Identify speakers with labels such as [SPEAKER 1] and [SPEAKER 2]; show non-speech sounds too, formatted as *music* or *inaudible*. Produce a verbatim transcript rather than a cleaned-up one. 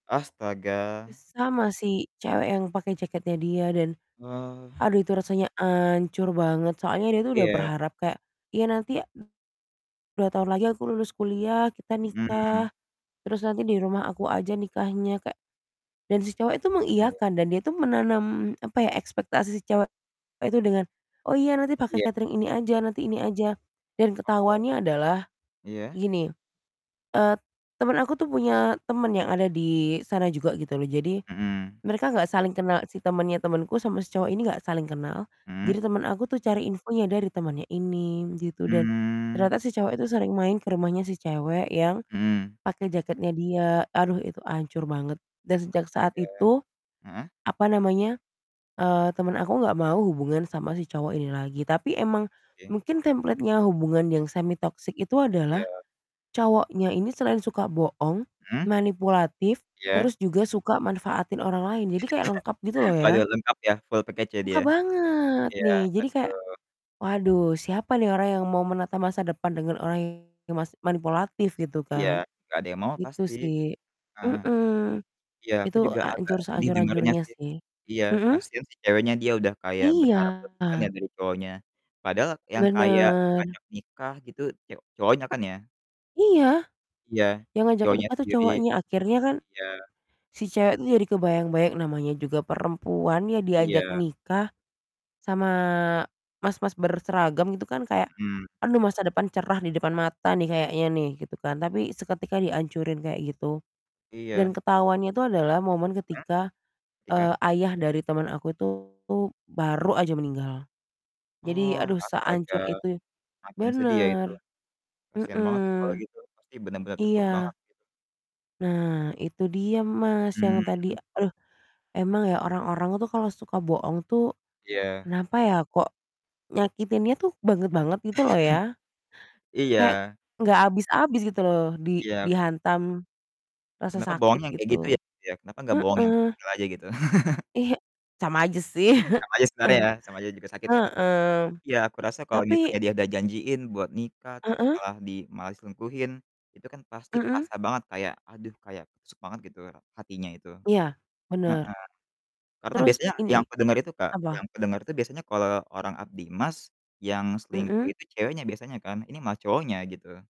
[SPEAKER 1] Astaga.
[SPEAKER 2] S sama si cewek yang pakai jaketnya dia dan
[SPEAKER 1] Ah.
[SPEAKER 2] aduh itu rasanya ancur banget soalnya dia tuh udah
[SPEAKER 1] Iya.
[SPEAKER 2] berharap kayak, "Iya nanti ya a dua tahun lagi aku lulus kuliah, kita
[SPEAKER 1] Mhm.
[SPEAKER 2] nikah terus nanti di rumah aku aja nikahnya," kek dan si cowok itu
[SPEAKER 1] Aduh.
[SPEAKER 2] mengiyakan dan dia tuh menanam, apa ya, ekspektasi si cewek itu dengan, "Oh iya nanti
[SPEAKER 1] Iya.
[SPEAKER 2] pakai catering ini aja, nanti ini aja," dan
[SPEAKER 1] Oh.
[SPEAKER 2] ketahuannya adalah,
[SPEAKER 1] Iya.
[SPEAKER 2] gini, eee, temen aku tuh punya temen yang ada di sana juga gitu loh. Jadi
[SPEAKER 1] Mhm.
[SPEAKER 2] mereka enggak saling kenal si temennya temenku sama si cowok ini enggak saling kenal,
[SPEAKER 1] Mhm?
[SPEAKER 2] jadi temen aku tuh cari infonya dari temennya ini gitu dan
[SPEAKER 1] Hmm.
[SPEAKER 2] ternyata si cowok itu sering main ke rumahnya si cewek yang
[SPEAKER 1] Mhm.
[SPEAKER 2] pakai jaketnya dia, aduh, itu hancur banget dan sejak saat
[SPEAKER 1] Astaga,
[SPEAKER 2] itu,
[SPEAKER 1] heeh.
[SPEAKER 2] apa namanya, eee, temen aku nggak mau hubungan sama si cowok ini lagi, tapi emang
[SPEAKER 1] E sih.
[SPEAKER 2] mungkin template-nya hubungan yang semi toxic itu adalah
[SPEAKER 1] Iya.
[SPEAKER 2] cowoknya ini selain suka bohong,
[SPEAKER 1] Mhm.
[SPEAKER 2] manipulatif
[SPEAKER 1] Iya.
[SPEAKER 2] terus juga suka manfaatin orang lain. Jadi kayak lengkap gitu loh
[SPEAKER 1] *laughs*
[SPEAKER 2] ya.
[SPEAKER 1] Waduh lengkap ya full package ya
[SPEAKER 2] Lengkap
[SPEAKER 1] dia.
[SPEAKER 2] banget
[SPEAKER 1] Iya,
[SPEAKER 2] nih, jadi kayak,
[SPEAKER 1] aduh.
[SPEAKER 2] waduh, siapa nih orang yang mau menata masa depan dengan orang yang mas manipulatif gitu
[SPEAKER 1] Iya
[SPEAKER 2] kan.
[SPEAKER 1] gak ada yang mau
[SPEAKER 2] Gitu
[SPEAKER 1] pasti,
[SPEAKER 2] sih,
[SPEAKER 1] heeh.
[SPEAKER 2] mhm,
[SPEAKER 1] Iya aku
[SPEAKER 2] Itu
[SPEAKER 1] juga agak
[SPEAKER 2] hancur
[SPEAKER 1] sedih dengernya
[SPEAKER 2] sehancur-hancurnya
[SPEAKER 1] sih,
[SPEAKER 2] sih.
[SPEAKER 1] iya
[SPEAKER 2] Mhm?
[SPEAKER 1] kasian si ceweknya dia udah kayak berharap
[SPEAKER 2] Iya.
[SPEAKER 1] berlebihan ya dari cowoknya. Padahal yang kayak
[SPEAKER 2] Bener.
[SPEAKER 1] ngajak nikah gitu ce cowoknya kan ya?
[SPEAKER 2] Iya,
[SPEAKER 1] Iya,
[SPEAKER 2] yang ngajak
[SPEAKER 1] cowoknya
[SPEAKER 2] nikah itu
[SPEAKER 1] sendiri.
[SPEAKER 2] cowoknya, akhirnya kan,
[SPEAKER 1] Iya.
[SPEAKER 2] si cewek itu jadi kebayang-bayang namanya juga perempuan ya diajak
[SPEAKER 1] Iya.
[SPEAKER 2] nikah sama mas-mas berseragam gitu kan, kayak
[SPEAKER 1] Mhm.
[SPEAKER 2] aduh masa depan cerah di depan mata nih kayaknya nih, gitu kan, tapi seketika diancurin kayak gitu. Dan
[SPEAKER 1] Iya.
[SPEAKER 2] ketahuannya itu adalah momen
[SPEAKER 1] Ah?
[SPEAKER 2] ketika,
[SPEAKER 1] Tika?
[SPEAKER 2] eee, ayah dari teman aku itu baru aja meninggal, jadi
[SPEAKER 1] Oh,
[SPEAKER 2] aduh
[SPEAKER 1] astaga
[SPEAKER 2] sehancur itu
[SPEAKER 1] makin sedih ya itu,
[SPEAKER 2] bener.
[SPEAKER 1] kasian banget sih kalau
[SPEAKER 2] Mhm.
[SPEAKER 1] gitu pasti bener-bener terpuruk
[SPEAKER 2] Iya.
[SPEAKER 1] banget gitu.
[SPEAKER 2] Nah, itu dia, Mas, yang tadi
[SPEAKER 1] Mmm.
[SPEAKER 2] aduh, emang ya orang-orang tuh kalau suka bohong tuh,
[SPEAKER 1] Iya.
[SPEAKER 2] kenapa ya kok nyakitinnya tuh banget-banget gitu loh ya.
[SPEAKER 1] *laughs*
[SPEAKER 2] Kayak
[SPEAKER 1] Iya.
[SPEAKER 2] nggak habis-habis gitu loh di
[SPEAKER 1] Iya.
[SPEAKER 2] dihantam rasa
[SPEAKER 1] Kenapa bohong
[SPEAKER 2] sakit
[SPEAKER 1] yang kayak gitu
[SPEAKER 2] gitu.
[SPEAKER 1] ya? Kenapa gak bohong yang
[SPEAKER 2] Heeh.
[SPEAKER 1] kecil-kecil aja gitu? *laughs*
[SPEAKER 2] Iya sama aja sih.
[SPEAKER 1] Sama aja sebenernya
[SPEAKER 2] *chuckles*
[SPEAKER 1] ya, sama aja juga sakit ya.
[SPEAKER 2] Heeh.
[SPEAKER 1] Iya aku rasa kalau
[SPEAKER 2] Tapi
[SPEAKER 1] misalnya dia ada janjiin buat nikah terus
[SPEAKER 2] Heeh.
[SPEAKER 1] malah di malah diselingkuhin itu kan pasti
[SPEAKER 2] Mhm.
[SPEAKER 1] kerasa banget kayak aduh kayak ketusuk banget gitu ra hatinya itu,
[SPEAKER 2] Iya bener,
[SPEAKER 1] heeh. Karena
[SPEAKER 2] terus
[SPEAKER 1] biasanya
[SPEAKER 2] ini
[SPEAKER 1] yang aku denger itu, Kak yang
[SPEAKER 2] apa?
[SPEAKER 1] aku denger itu biasanya kalo orang abdi emas, yang selingkuh
[SPEAKER 2] Mhm.
[SPEAKER 1] itu ceweknya biasanya kan ini malah cowoknya gitu.